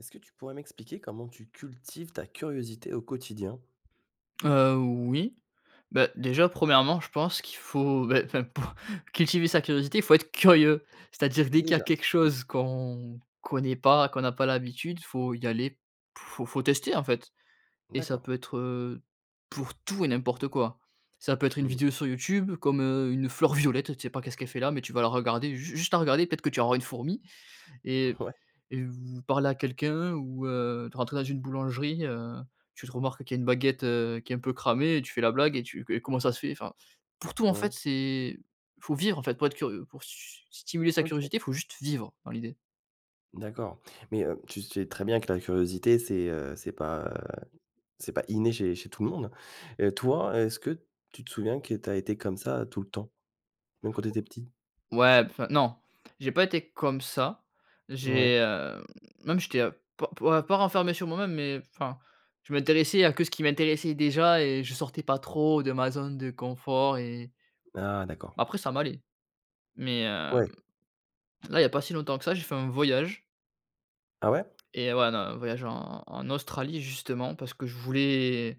Est-ce que tu pourrais m'expliquer comment tu cultives ta curiosité au quotidien? Heu, oui, bah, déjà 1° je pense qu'il faut, ben enfin, pour cultiver sa curiosité il faut être curieux. C'est-à-dire dès qu'il y a Déjà, quelque oui. chose qu'on connaît pas, qu'on n'a pas l'habitude, faut y aller, f faut faut tester en fait et ça D'accord. peut être, heu, pour tout et n'importe quoi. Ça peut être une Mmh. vidéo sur YouTube comme, heu, une fleur violette. Tu sais pas qu'est-ce qu'elle fait là, mais tu vas la regarder, ju juste à regarder peut-être que tu auras une fourmi et Ouais. et vou parler à quelqu'un, heu, ou, heu, t rentrer dans une boulangerie, heu, tu te remarques qu'il y a une baguette, heu, qui est un peu cramée et tu fais la blague et tu qué comment ça se fait? Enfin, pour tout en Ouais. fait c'est faut vivre en fait pour être curieux. Pour s stimuler sa OK. curiosité, faut juste vivre, dans l'idée. D'accord mais, hem, tu sais très bien que la curiosité c'est, heu, c'est pas, heu, c'est pas inné chez chez tout le monde. Heu, toi est-ce que tu te souviens que tu as été comme ça tout le temps? Même quand tu étais petit? O ouais, p enfin non. J'ai pas été comme ça. Ouais. J'ai, hem, même j'étais pas pas pas renfermé sur moi-même, mais enfin je m'intéressais à que ce qui m'intéressait déjà et je sortais pas trop de ma zone de confort et Ah! D'accord. après ça m'allait. Mais, hem, Ouais. là, il y a pas si longtemps que ça, j'ai fait un voyage Ah ouais? et ouais, non, voyage en en Australie justement. Parce que je voulais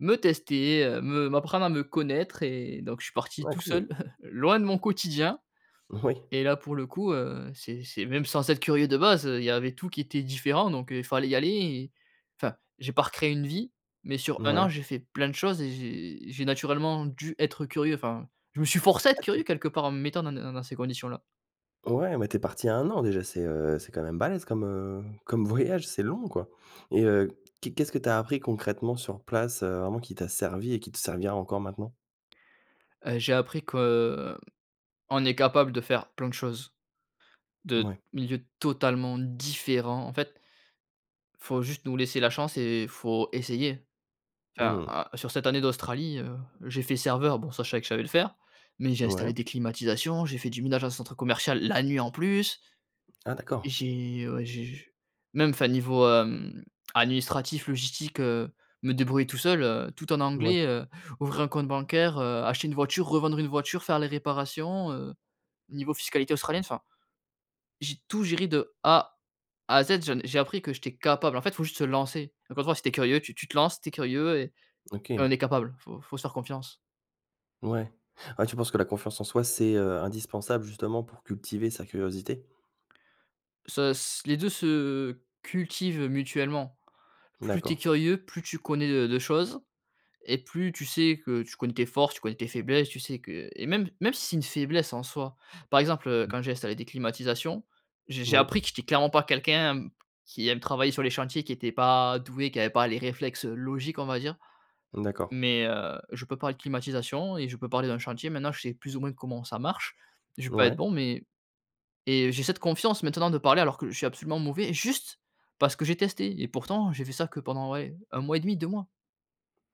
me tester, heu, me m'apprendre à me connaître et donc je suis parti Ah tout cool! seul loin de mon quotidien Oui. et là pour le coup heu, c'est c'est même sans être curieux de base, heu, il y avait tout qui était différent. Donc il fallait y aller et enfin j'ai pas recréé une vie, mais sur 1 an Mouais. j'ai fait plein de choses et j'ai j'ai naturellement dû être curieux. Enfin je me suis forcé à être Ah tu curieux es quelque part en me mettant dans des dans dans ces conditions là. Ouais mais tu es parti 1 an déjà c'est, heu, c'est quand même balèze comme, heu, comme voyage! C'est long quoi et heu, qu'est qu'est-ce que tu as appris concrètement sur place, heu, vraiment qui t'a servi et qui te servira encore maintenant? Heu, j'ai appris que, heu, on est capables de faire plein de choses, de Mouais. milieux totalement différents en fait faut juste nous laisser la chance et faut essayer. Enfin, Mmh. heu, sur cette année d'Australie, heu, j'ai fait serveur- bon, ça je savais que je savais le faire- mais j'ai Ouais. installé des climatisations, j'ai fait du ménage en centre commercial la nuit, en plus. Ah d'accord! J'ai, heu, ouais j'ai j j même, enfin, niveau, hem, administratif, logistique, heu, me débrouiller tout seul, heu, tout en Ouais. anglais, heu, ouvrir un compte bancaire, heu, acheter une voiture, revendre une voiture, faire les réparations, heu, niveau fiscalité Australienne, enfin. J'ai tout géré de A à Z. J'en ai j'ai appris que j'étais capable. En fait, faut juste se lancer. Encore une fois, si tu es curieux, tu tu te lances, tu es curieux et et OK. on est capable. Faut faut se faire confiance. Ouais. Ouais, tu penses que la confiance en soi, c'est, heu, indispensable, justement, pour cultiver sa curiosité? Se s les 2 se cultivent, heu, mutuellement. Plus tu es D'accord. curieux, plus tu connais de de choses et plus tu sais que tu connais tes forces, tu connais tes faiblesses, tu sais que et même même si c'est une faiblesse en soi. Par exemple, heu, Mmh. quand j'ai installé des climatisations, je j'ai Mouis. appris que j'étais clairement pas quelqu'un qui aime travailler sur les chantiers, qui était pas doué, qui avait pas les réflexes, heu, logiques, on va dire. D'accord. Mais heu, je peux parler de climatisation et je peux parler d'un chantier. Maintenant, je sais plus ou moins comment ça marche. Je vais pas être Ouais. bon mais et j'ai cette confiance maintenant de parler alors que je suis absolument mauvais, juste parce que j'ai testé et pourtant j'ai fait ça que, ouais, pendant 1 mois et 1/2, 2 mois.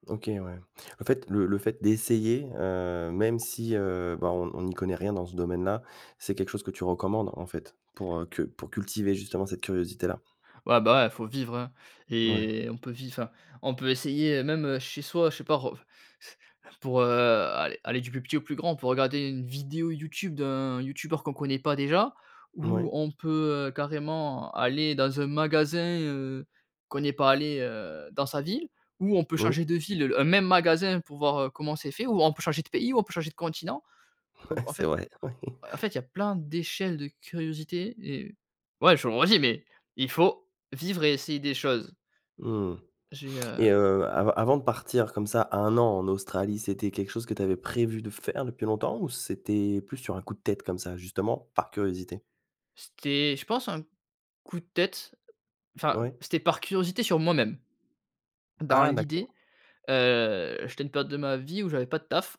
OK, ouais. En fait, le le fait d'essayer, heu, même si, heu, bah, on on n'y connaît rien dans ce domaine-là, c'est quelque chose que tu recommandes, en fait, pour, heu, que pour cultiver, justement, cette curiosité-là? Ouais, bah, ouais, faut vivre, hein Ouais. et on peut viv enfin, on peut essayer, heu, même chez soi, je sais pas, ref f pour heu, aller aller du plus petit au plus grand, pour regarder une vidéo YouTube d'un youtubeur qu'on connaît pas déjà ou Moui. on peut, heu, carrément aller dans un magasin, heu, qu'on n'est pas allé, heu, dans sa ville ou on peut Oui. changer de ville, un même magasin pour voir, heu, comment c'est fait, ou on peut changer de pays, ou on peut changer de continent, ou Mouais, en c'est fait vrai. Ouais. en fait, il y a plein d'échelles de curiosité et ouais, je le redis, mais il faut vivre et essayer des choses. Mmh, J'ai heu et heu, av avant de partir comme ça, 1 an en Australie, c'était quelque chose que tu avais prévu de faire depuis longtemps ou c'était plus sur un coup de tête, comme ça, justement, par curiosité? C'était, je pense, un coup de tête. Enfin, Ouais. c'était par curiosité sur moi-même. Dans Ah d'accord. l'idée, heu, j'étais à une période de ma vie où j'avais pas de taf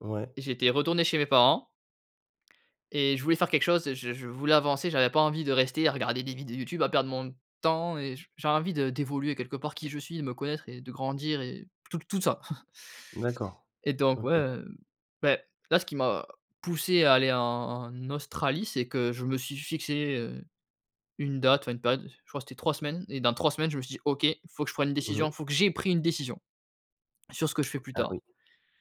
Ouais. et j'étais retourné chez mes parents et je voulais faire quelque chose. Je je voulais avancer. J'avais pas envie de rester à regarder des vidéos YouTube, à perdre mon temps et j j'avais envie de d'évoluer quelque part, qui je suis et me connaître et de grandir et tout tout ça. D'accord, Et donc ouais, OK. heu, beh, là, ce qui m'a poussé à aller en en Australie, c'est que je me suis fixé, heu, une date, enfin, une période, je crois, c'était 3 semaines et dans 3 semaines, je me suis dit: «OK, faut que je prenne une Mmh mh. décision. Faut que j'ai pris une décision sur ce que je fais plus Ah oui. tard».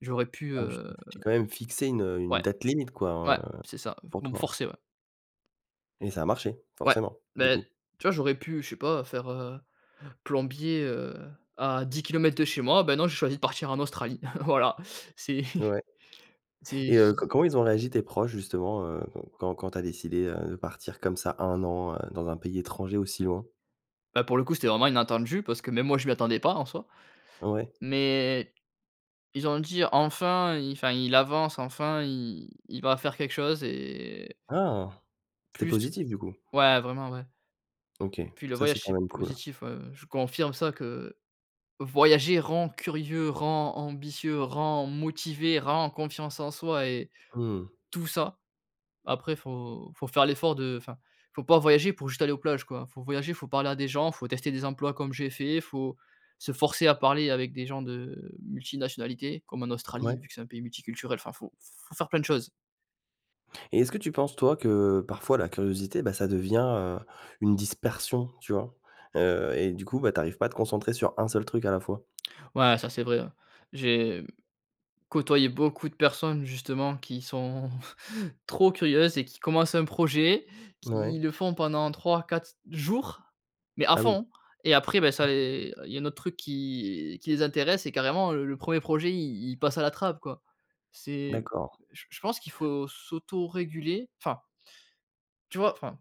J'aurais pu Ah oui, tu t'es heu tu t'es quand même fixé une, heu, une Ouais. date limite, quoi, Ouais, heu, c'est ça, f pour pour me toi, ouais. forcer, ouais. Et ça a marché. Ouais, Forcément, du beh, coup. tu vois, j'aurais pu, je sais pas, faire, heu, plombier, heu, à 10 km de chez moi, ben, non j'ai choisi de partir en Australie, voilà, c'est Ouais. c'est Et j heu, co j'y comment ils ont réagi tes proches justement, heu, qu quand quand tu as décidé, heu, de partir comme ça, 1 an, heu, dans un pays étranger aussi loin? Bah, pour le coup c'était vraiment inattendu parce que même moi je m'y attendais pas en soi, Ouais. mais ils ont dit: «Enfin il enfin il avance, enfin i il va faire quelque chose et» Ah, c'était Plus positif du coup? ouais, vraiment ouais. OK, Puis le ça c'est voyage quand c'est même cool. positif, heu, je confirme ça, que voyager rend curieux, rend ambitieux, rend motivé, rend confiance en soi et Mmh. tout ça. Après faut faut faire l'effort de enfin, faut pas voyager pour juste aller aux plages, quoi, faut voyager, faut parler à des gens, faut tester des emplois comme j'ai fait, faut se forcer à parler avec des gens de multinationalité, comme en Australie Mouais. vu que c'est un pays multiculturel, enfin faut faut faire plein de choses. Et est-ce que tu penses, toi, que parfois la curiosité, bah, ça devient, heu, une dispersion. Tu vois? Heu, et du coup, bah, t'arrives pas à te concentrer sur 1 seul truc à la fois. Ouais, ça c'est vrai. J'ai côtoyé beaucoup de personnes justement qui sont trop curieuses et qui commencent un projet, Ouais. qui le font pendant 3-4 jours, mais à Ah oui. fond et après, bah, ça les il y a un autre truc qui qui les intéresse et carrément, heu, le 1er projet il il passe à la trappe, quoi. C'est D'accord. j je pense qu'il faut s'autoréguler, enfin. Tu vois? Enfin,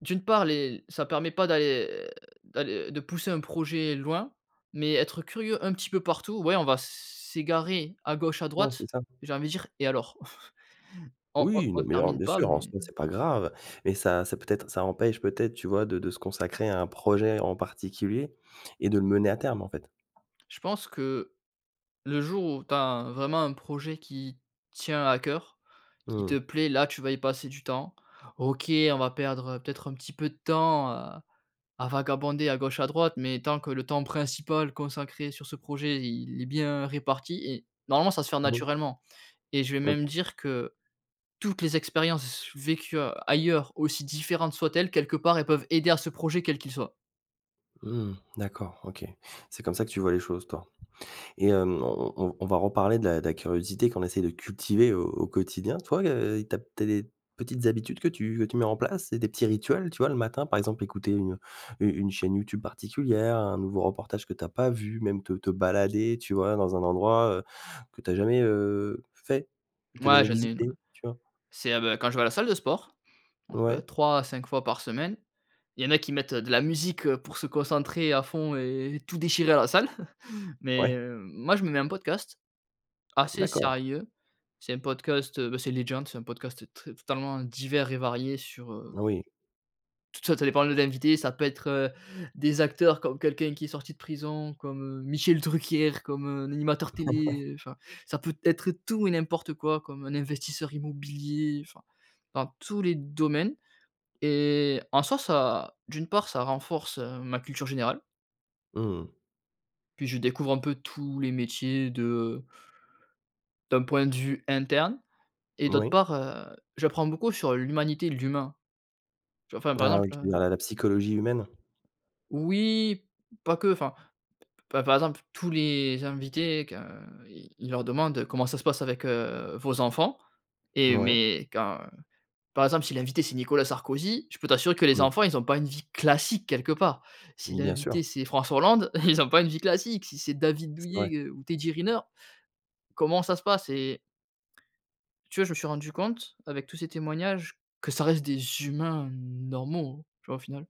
d'une part les ça permet pas d'aller d'alle de pousser un projet loin, mais être curieux un petit peu partout, ouais, on va s s'égarer à gauche à Ouais c'est droite, ça. j'ai envie de dire et alors? On on Oui, non, on mais alors, termine bien pas, sûr, en mais soit c'est pas grave, mais ça ça peut être ça empêche peut-être, tu vois de de se consacrer à un projet en particulier et de le mener à terme en fait. Je pense que le jour où tu as vraiment un projet qui tient à cœur, qui Mmh. te plaît, là tu vas y passer du temps. OK, on va perdre, heu, peut-être un petit peu de temps, heu, à vagabonder à gauche à droite, mais tant que le temps principal consacré sur ce projet, il est bien réparti et normalement ça va se faire Moui. naturellement et je vais même OK. dire que toutes les expériences s vécues, heu, ailleurs, aussi différentes soient-elles, quelque part elles peuvent aider à ce projet, quel qu'il soit. Mmh, d'accord, OK. C'est comme ça que tu vois les choses, toi. Et, hem, on on on v on va reparler de la de la curiosité qu'on essaie de cultiver au au quotidien toi, heu, i tu as peut-être des petites habitudes que tu que tu mets en place? C'est des petits rituels? Tu vois, le matin, par exemple écouter une u une chaîne YouTube particulière, un nouveau reportage que tu as pas vu, même te te balader, tu vois, dans un endroit, heu, que tu as jamais, heu, fait? Que tu as Mouais jamais j'en ai une, ouais. visité, tu vois? C'est heu, beh, quand je vais à la salle de sport, donc, heu, Ouais. 3 à 5 fois par semaine. Il y en a qui mettent, heu, de la musique, heu, pour se concentrer à fond et et tout déchirer à la salle. Mais, Ouais. heu, moi je me mets un podcast, assez D'accord. sérieux, c'est un podcast, heu, bah, c'est Legend, c'est un podcast, heu, tr totalement divers et varié sur heu Oui. tout t ça ça dépend de l'invité, ça peut être, heu, des acteurs, comme quelqu'un qui est sorti de prison, comme, heu, Michel Drucker, comme, heu, un animateur Ah ouais! télé, heu, enfin, ça peut être tout et n'importe quoi comme un investisseur immobilier, enfin, dans tous les domaines. Et en soit ça d'une part ça renforce, heu, ma culture générale Mmh mh. puis je découvre un peu tous les métiers de d'un point de vue interne. Et d'autre Moui. part, heu, j'apprends beaucoup sur l'humanité, l'humain, tu vois? Enfin par Ah exemple, oui, tu heu veux dire la la psychologie humaine? Oui pas que, enfin, p par exemple tous les invités, que, heu, i il leur demande: «Comment ça se passe avec, heu, vos enfants?» et Mouais. mais quand par exemple, si l'invité c'est Nicolas Sarkozy, je peux t'assurer que les Mmh. enfants ils ont pas une vie classique quelque part. Si Mmh bien sûr. l'invité c'est François Hollande, ils ont pas une vie classique, si c'est David C'est Douillet, vrai. heu, ou Teddy Riner, comment ça se passe? Et tu vois, je me suis rendu compte, avec tous ces témoignages, que ça reste des humains normaux, tu vois? Au final.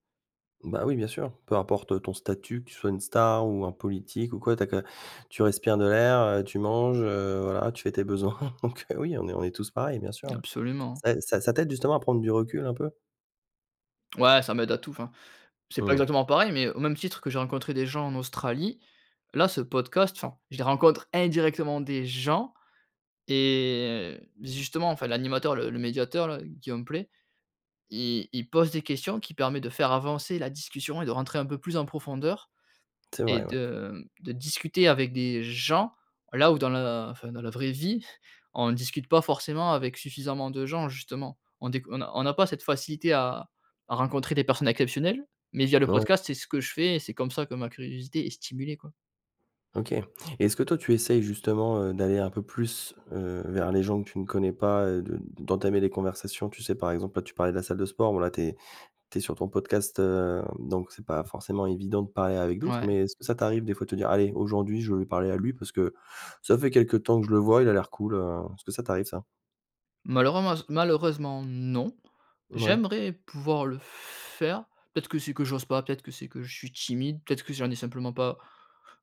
Bah oui, bien sûr. Peu importe, heu, ton statut, que tu sois une star ou un politique ou quoi. Tu as que tu respires de l'air, heu, tu manges, heu, voilà, tu fais tes besoins, donc, heu, oui, on est on est tous pareils bien sûr, ouais. Absolument. Ça ai ça ça t'aide justement à prendre du recul, un peu? Ouais ça m'aide à tout, enfin, c'est pas Mmh. exactement pareil, mais au même titre que j'ai rencontré des gens en Australie, là ce podcast enfin je les rencontre indirectement des gens et heu, justement, enfin, l'animateur le le médiateur là, Guillaume Pley, il il pose des questions qui permet de faire avancer la discussion et de rentrer un peu plus en profondeur C'est et vrai, oui. de, mmh, de discuter avec des gens, là où dans la enfin dans la vraie vie, on ne discute pas forcément avec suffisamment de gens, justement. On déc on n'a on n'a pas cette facilité à à rencontrer des personnes exceptionnelles, mais via le Mouais. podcast, c'est ce que je fais et c'est comme ça que ma curiosité est stimulée, quoi. OK. Et est-ce que toi tu essayes justement, heu, d'aller un peu plus, heu, vers les gens que tu ne connais pas, heu, de d'entamer des conversations? Tu sais par exemple, là, tu parlais de la salle de sport, bon là, tu es tu es sur ton podcast, hem, donc c'est pas forcément évident de parler avec d'autres. Ouais. Mais est-ce que ça t'arrive des fois de te dire: «Allez, aujourd'hui, je veux lui parler à lui, parce que ça fait quelque temps que je le vois il a l'air cool, heu», est-ce que ça t'arrive ça? Malheurense malheureusement non, Mouais. j'aimerais pouvoir le faire, peut-être que c'est que j'ose pas, peut-être que c'est que je suis timide, peut-être que j'en ai simplement pas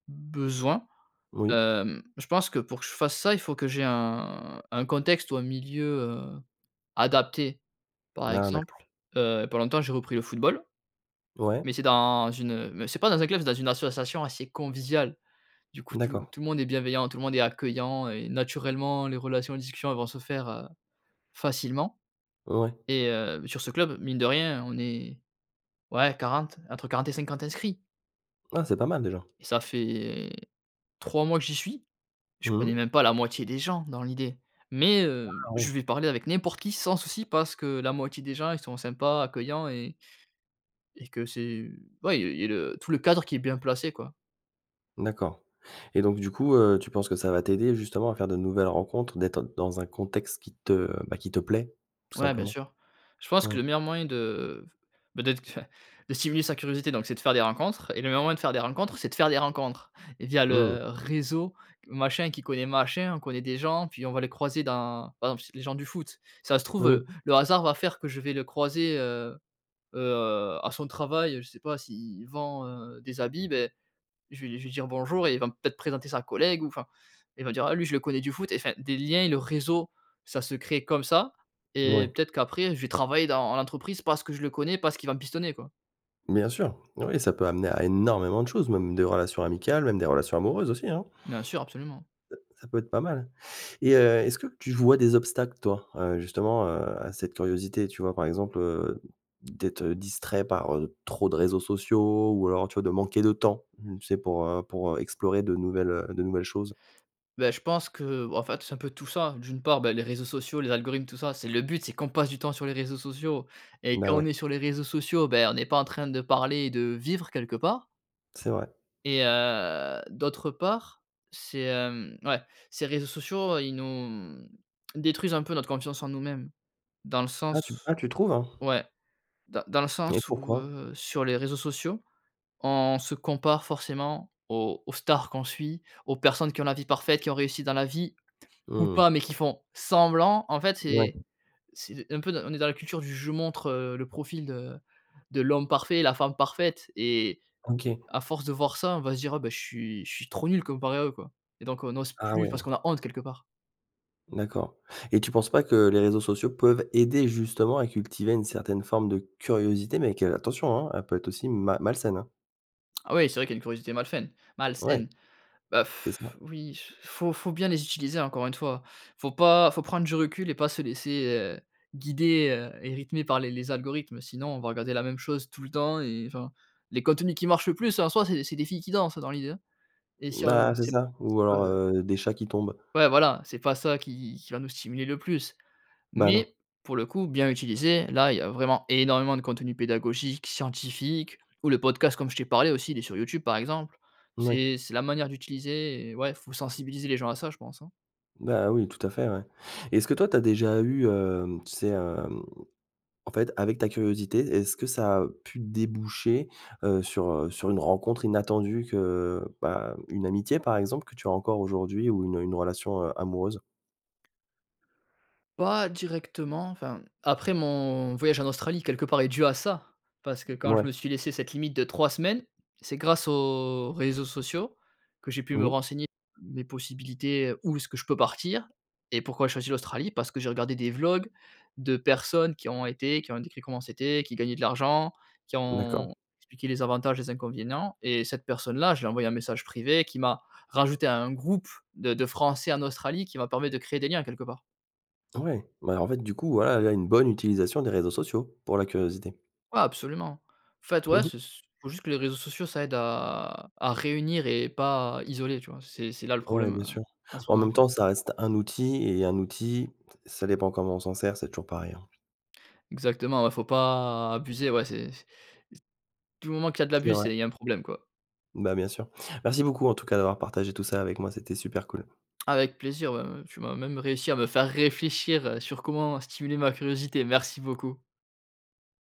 besoin. Moui. Hem, je pense que pour que je fasse ça, il faut que j'ai un un contexte ou un milieu, heu, adapté. Par Ah, exemple, d'accord. heu, il y a pas longtemps j'ai repris le football, Ouais. mais c'est dans une, heu, me c'est pas dans un club, c'est dans une association assez conviviale. Du coup, tout D'accord. tout le monde est bienveillant, tout le monde est accueillant et naturellement les relations, discussions elles vont se faire, heu, facilement Ouais. et hem, sur ce club, mine de rien, on est ouais 40, entre 40 et 50 inscrits. Ah, c'est pas mal déjà. Ça fait 3 mois que j'y suis. Je Mmh connais mh. même pas la moitié des gens dans l'idée, mais, Ah! heu, je Ouais. vais parler avec n'importe qui sans souci, parce que la moitié des gens ils sont sympas, accueillants et et que c'est ouais et et le tout le cadre qui est bien placé, quoi. D'accord et donc, du coup, heu, tu penses que ça va t'aider, justement, à faire de nouvelles rencontres, d'être dans un contexte qui te bah, qui te plaît, tout Ouais, bien simplement? sûr. Je pense que Oui. le meilleur moyen de bah d'être enfin, de stimuler sa curiosité donc, c'est de faire des rencontres et le meilleur moyen de faire des rencontres, c'est de faire des rencontres via Mmh. le réseau, machin qui connaît machin. On connaît des gens puis, on va les croiser dans par exemple, ç les gens du foot, ça se trouve, heu, Moui. le hasard va faire que je vais le croiser, heu, heu, à son travail, je sais pas, s'il vend, heu, des habits, beh, je vais lui je vais lui dire: «Bonjour» et il va m peut-être présenter sa collègue ou enfin, il va dire: «Ah, lui, je le connais du foot» et enfin, des liens et le réseau, ça se crée comme ça et Mouais. peut-être qu'après, je vais travailler dans l'entreprise, parce que je le connais, parce qu'il va me pistonner, quoi. Bien sûr. Oui, ça peut amener à énormément de choses, même des relations amicales, même des relations amoureuses aussi, hein. Bien sûr, absolument. Heu, ça peut être pas mal et heu, est-ce que tu vois des obstacles, toi? Heu, justement, heu, à cette curiosité, tu vois? Par exemple, heu, d'être, heu, distrait par, heu, trop de réseaux sociaux ou alors, tu vois, de manquer de temps, tu sais, pour, heu, pour, heu, explorer de nouvelles, heu, de nouvelles choses. Beh, je pense que bah en fait, c'est un peu tout ça. D'une part, bah, les réseaux sociaux, les algorithmes, tout ça, c'est le but, c'est qu'on passe du temps sur les réseaux sociaux et Bah quand on ouais. est sur les réseaux sociaux, beh, on n'est pas en train de parler et de vivre, quelque part. C'est vrai. Et heu, d'autre part, c'est, hem, ouais, ces réseaux sociaux, ils nous, mmh, détruisent un peu notre confiance en nous-mêmes dans le Ah tu sens ah tu trouves? ouais, dans dans le Et sens où, pourquoi? heu, sur les réseaux sociaux, on se compare forcément aux aux stars qu'on suit, aux personnes qui ont la vie parfaite, qui ont réussi dans la vie, ou Mmh. pas, mais qui font semblant. En fait, c'est Ouais. c'est d un peu d on est dans la culture du: «Je montre, heu, le profil de de l'homme parfait, la femme parfaite» et OK. à force de voir ça, on va se dire: «Ah, bah, je suis je suis trop nul comparé à eux, quoi» et donc on n'ose Ah plus, parce ouais! qu'on a honte, quelque part. D'accord, et tu penses pas que les réseaux sociaux peuvent aider, justement, à cultiver une certaine forme de curiosité, mais quel attention, hein, elle peut être aussi ma malsaine, hein? Ah oui, c'est vrai qu'il y a une curiosité malsaine- Ouais. malsaine. Bah C'est ça. oui, faut faut bien les utiliser encore une fois. Faut pas faut prendre du recul et pas se laisser, heu, guider, heu et rythmer par les les algorithmes. Sinon on va regarder la même chose tout le temps et enfin, les contenus qui marchent le plus en soi c'est c'est des filles qui dansent dans l'idée, hein et si on Bah, c'est sait p ça, ou sais alors, heu, des chats qui tombent. pas ouais, voilà, c'est pas ça qui qui va nous stimuler le plus, Bah non. mais, pour le coup, bien utilisé, là, il y a vraiment énormément de contenu pédagogique, scientifique ou le podcast comme je t'ai parlé aussi, il est sur YouTube, par exemple. Moui. C'est c'est la manière d'utiliser et ouais, faut sensibiliser les gens à ça, je pense, hein. Bah oui, tout à fait, ouais. Et est-ce que toi, tu as déjà eu, hem, tu sais, hem, en fait, avec ta curiosité, est-ce que ça a pu déboucher, heu, sur, heu, sur une rencontre inattendue que, bah, une amitié, par exemple, que tu as encore aujourd'hui ou une une relation, heu, amoureuse? Pas directement, enfin, mmh, après, mon voyage en Australie, quelque part, est dû à ça, parce que quand je me Mouais. suis laissé cette limite de 3 semaines, c'est grâce aux réseaux sociaux, que j'ai pu me Oui? renseigner, mes possibilités, où est-ce que je peux partir? Et pourquoi j'ai choisi l'Australie? Parce que j'ai regardé des vlogs de personnes qui y ont été, qui ont décrit comment c'était, qui gagnaient de l'argent, qui D'accord. ont expliqué les avantages, les inconvénients et cette personne là, je lui ai envoyé un message privé, qui m'a rajouté à un groupe de de Français en Australie, qui m'a permis de créer des liens, quelque part. Ouais, bah, en fait, du coup, voilà, là, une bonne utilisation des réseaux sociaux, pour la curiosité. Ouais, absolument! En fait, ouais, c'est ce c faut juste que les réseaux sociaux ça aide à à réunir et pas isoler, tu vois? C'est c'est là le Ouais, problème, bien heu, sûr. en ce En moment, même quoi. temps, ça reste un outil et un outil, t ça dépend comment on s'en sert, c'est toujours pareil, hein. Exactement, ouais, faut pas abuser, ouais, c'est c'est c du moment qu'il y a de C'est l'abus vrai. c'est il y a un problème, quoi. Bah, bien sûr. Merci beaucoup en tout cas, d'avoir partagé tout ça avec moi, c'était super cool. Avec plaisir, ouais, heu, tu m'as même réussi à me faire réfléchir, heu, sur comment stimuler ma curiosité. Merci beaucoup!